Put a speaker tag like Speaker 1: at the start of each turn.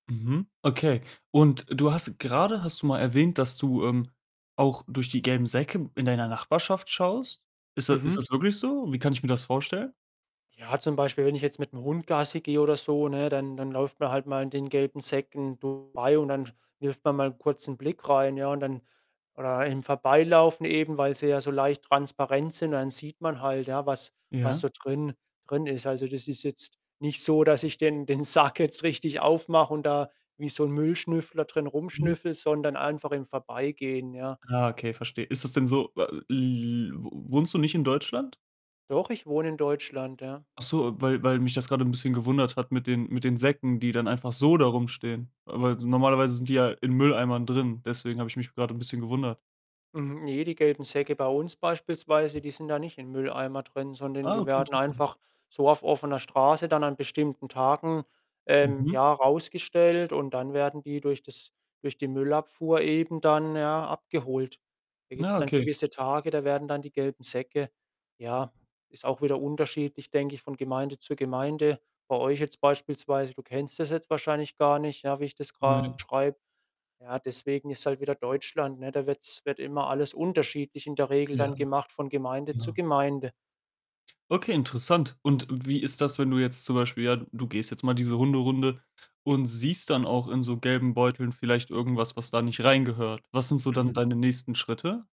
Speaker 1: Mhm. Okay, und du hast grade hast du mal erwähnt, dass du, ähm, auch durch die gelben Säcke in deiner Nachbarschaft schaust. Ist da ist
Speaker 2: Mhm.
Speaker 1: das wirklich so? Wie kann ich mir das vorstellen?
Speaker 2: Ja, zum Beispiel wenn ich jetzt mit'm Hund Gassi gehe oder so, ne, dann dann läuft man halt mal an den gelben Säcken vorbei, und dann sch wirft man mal kurz 'n Blick rein, ja, und dann oder im Vorbeilaufen eben, weil sie ja so leicht transparent sind und dann sieht man halt, ja, was was
Speaker 1: Ja.
Speaker 2: so drin drin ist. Also, das ist jetzt nicht so, dass ich den den Sack jetzt richtig aufmache und da wie so 'n Müllschnüffler drin
Speaker 1: Mhm.
Speaker 2: rumschnüffle, sondern einfach im Vorbeigehen, ja.
Speaker 1: Ah, okay, verstehe. Ist das denn so, w l l wo wohnst du nicht in Deutschland?
Speaker 2: Doch, ich wohne in Deutschland, ja.
Speaker 1: Ach so, weil weil mich das grade 'n bisschen gewundert hat mit den mit den Säcken, die dann einfach so da rumstehen. Ah, weil s normalerweise sind die ja in Mülleimern drin, deswegen habe ich mich grad 'n bisschen gewundert.
Speaker 2: Mhm, ne, die gelben Säcke bei uns beispielsweise, die sind da nicht im Mülleimer drin, sondern
Speaker 1: Ah,
Speaker 2: die
Speaker 1: okay,
Speaker 2: werden
Speaker 1: interessant.
Speaker 2: einfach so auf offener Straße dann an bestimmten Tagen, ähm,
Speaker 1: Mhm.
Speaker 2: ja, rausgestellt und dann werden die durch das durch die Müllabfuhr eben dann, ja, abgeholt. Da
Speaker 1: Na
Speaker 2: gibt's dann
Speaker 1: okay.
Speaker 2: gewisse Tage, da werden dann die gelben Säcke ja, ist auch wieder unterschiedlich, denke ich, von Gemeinde zu Gemeinde. Bei euch jetzt beispielsweise, du kennst das jetzt wahrscheinlich gar nicht, ja, wie ich das
Speaker 1: Ne.
Speaker 2: grad beschreibe. Ja, deswegen, ist halt wieder Deutschland, ne? Da wird's wird immer alles unterschiedlich in der Regel
Speaker 1: Ja,
Speaker 2: dann gemacht von Gemeinde zu
Speaker 1: genau.
Speaker 2: Gemeinde.
Speaker 1: Okay, interessant, und wie ist das, wenn du jetzt zum Beispiel ja, d du gehst jetzt mal diese Hunderunde und siehst dann auch in so gelben Beuteln vielleicht irgendwas, was da nicht reingehört. Was sind so dann
Speaker 2: Mhm.
Speaker 1: deine nächsten Schritte?